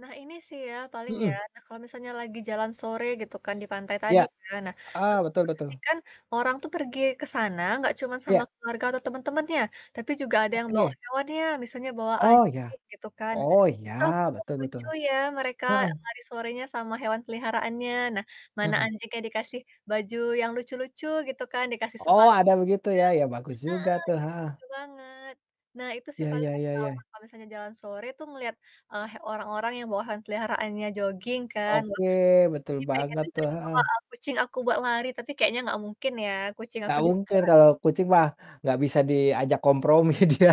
Nah, ini sih ya, paling ya, Heeh. nah, kalau misalnya lagi jalan sore gitu kan, dipantai Iya. tadi kan, nah, Heeh, aku tuh betul betul. perhatikan orang tuh pergi ke sana nggak cuman sama Iya. keluarga atau temen-temennya. Tapi juga ada yang bawa Oke. hewannya, misalnya bawa Oh, iya. anjing, gitu kan, Oh, nah, iya, itu aku betul betul. lucu ya, mereka Heeh. lari sorenya sama hewan peliharaannya. Nah, mana Heeh. anjingnya dikasih baju yang lucu-lucu gitu kan, dikasih Oh, sepatu ada begitu ya. Ya, bagus juga juga heeh, tuh, jadi heeh. lucu banget. Nah, itu sih Iya paling iya ya iya iya. pengalaman kalau misalnya jalan sore tuh ngeliat, eee, he orang-orang yang bawa hewan peliharaannya jogging kan, wah, Oke, betul ih, pengen banget juga tuh, nih bawa, heeh. eee, kucing aku bawa lari, tapi kayaknya nggak mungkin ya, kucing aku Nggak mungkin, dibawa. kalau kucing mah, nggak bisa diajak kompromi dia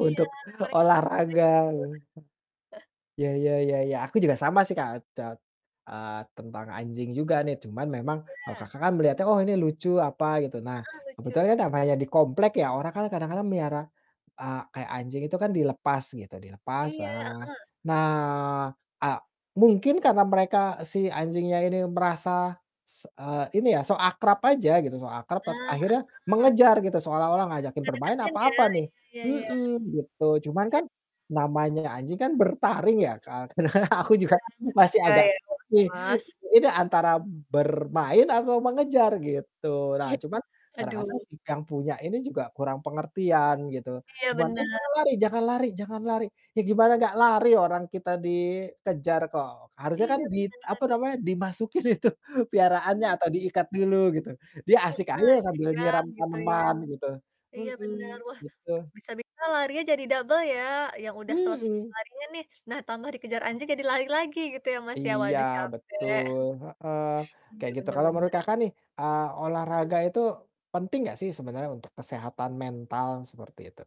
Iya, mereka juga olahraga. ikut. Ya ya ya ya, aku juga sama sih, Kak, tet eee, tentang anjing juga nih, cuman memang kalau Iya. Kakak kan melihatnya, "Oh, ini lucu." Apa, gitu. Nah, Heeh, lucu. kebetulan kan namanya di komplek ya, orang kan kadang-kadang melihara, eee, kayak anjing itu kan dilepas gitu, dilepas, Iya, eee, heeh. nah, a mungkin karena mereka, si anjingnya ini merasa se eee, ini ya, sok akrab aja gitu, sok akrab, tap Nah, akhirnya heeh. mengejar gitu, seolah-olah E ngajakin bermain ngedeketin, ya? Iya apa-apa nih, iya iya iya. mhm, gitu. Cuman, Iya. kan namanya anjing kan bertaring ya, Kak, kadang-kadang aku Iya, ngeri juga masih juga, agak ya, ini was-was. ini antara bermain atau mengejar, gitu. Nah, Iya, cuman kadang-kadang aduh. si yang punya ini juga kurang pengertian gitu, Iya, cuman, "Eh, bener. jangan lari jangan lari jangan lari." Ya, gimana nggak lari, orang kita dikejar kok, harusnya kan Iya, di apa bener. namanya, dimasukin itu piaraannya Iya atau tuh. diikat dulu, gitu. Dia asik Heeh, aja sambil nyiram dipegang, gitu ya? taneman, gitu. Iya, benar. Mhm, Wah, gitu. bisa-bisa larinya jadi double ya, yang udah selesai Mhm. larinya nih. Nah, tambah dikejar anjing jadi lari lagi gitu ya, Mas, ya? Iya, Waduh, capek. betul, heeh, Iya, kayak gitu. bener Kalau menurut bener sih. Kakak nih, eee, Mhm? olahraga itu penting nggak sih sebenarnya untuk kesehatan mental seperti itu?